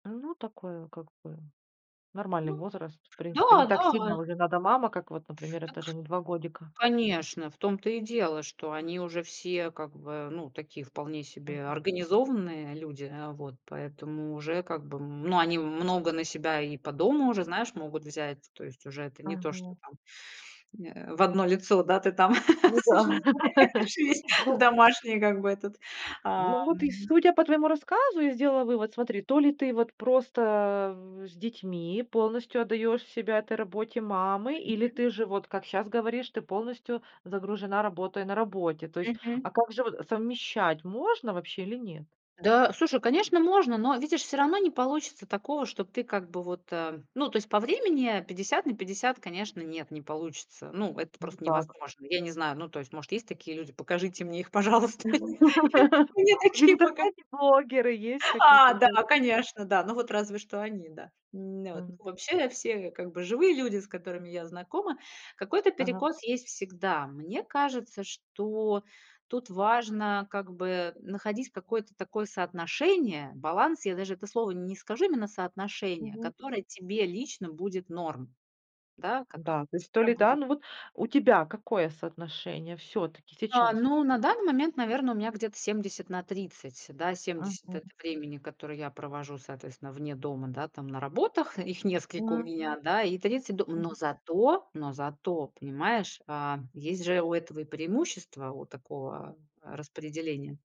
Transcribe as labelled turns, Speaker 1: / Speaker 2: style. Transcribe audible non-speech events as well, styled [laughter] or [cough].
Speaker 1: Ну такое, как бы нормальный
Speaker 2: Ну
Speaker 1: возраст, в
Speaker 2: да
Speaker 1: принципе. Не так
Speaker 2: да.
Speaker 1: сильно уже надо мама, как вот, например, это же
Speaker 2: Так.
Speaker 1: не 2 годика.
Speaker 2: Конечно! В том-то и дело, что они уже все, как бы, ну, такие вполне себе
Speaker 1: Мгм.
Speaker 2: организованные люди, э. Вот поэтому уже, как бы, ну, они много на себя и по дому уже, знаешь, могут взять. То есть уже это не то, что
Speaker 1: Мгм.
Speaker 2: там, э, в 1 лицо, да, ты там
Speaker 1: Ну да. [laughs]
Speaker 2: существуешь, есть
Speaker 1: Ну.
Speaker 2: домашние, как бы, этот,
Speaker 1: Ну,
Speaker 2: ам
Speaker 1: вот и судя по твоему рассказу, я сделала вывод, смотри: то ли ты вот просто с детьми полностью отдаешь себя этой работе мамы, или
Speaker 2: Мгм.
Speaker 1: ты же, вот как щас говоришь, ты полностью загружена, работая на работе. То есть,
Speaker 2: Мгм.
Speaker 1: а как же вот совмещать, можно вообще или нет?
Speaker 2: Да, слушай, конечно, можно. Но видишь, всё равно не получится такого, что ты как бы вот, э, ну, то есть по времени 50/50, конечно, нет, не получится. Ну, это просто
Speaker 1: Никак.
Speaker 2: невозможно. Я не знаю. Ну, то есть, может, такие люди, покажите мне их, пожалуйста. Нет,
Speaker 1: [laughs]
Speaker 2: мне
Speaker 1: В
Speaker 2: такие пока
Speaker 1: интернете блогеры есть какие-то?
Speaker 2: А, да,
Speaker 1: [unintelligible]
Speaker 2: конечно, да. Ну, вот разве что они, да, м, н вот. Н
Speaker 1: М.
Speaker 2: вообще, все я, как бы, живые люди, с которыми я знакома. Какой-то
Speaker 1: Ага.
Speaker 2: перекос есть всегда. Мне кажется, что тут важно, как бы, находить какое-то такое соотношение, баланс. Я даже это слово н не скажу, именно соотношение,
Speaker 1: Мгм.
Speaker 2: которое тебе лично будет норм, да, которое
Speaker 1: Да.
Speaker 2: у
Speaker 1: То
Speaker 2: тебя
Speaker 1: ли да,
Speaker 2: будет.
Speaker 1: ну, вот у тебя какое соотношение всё-таки
Speaker 2: Да,
Speaker 1: сейчас?
Speaker 2: ну, на данный момент, наверно, у меня где-то 70/30, да, 70- это
Speaker 1: Мгм.
Speaker 2: времени, которое я провожу, соответственно, вне дома, да, там на работах, их несколько у
Speaker 1: М.
Speaker 2: меня, да, и 30- дом. Но зато, но зато, понимаешь, а, есть же у этого и преимущества, у такого, э, распределения.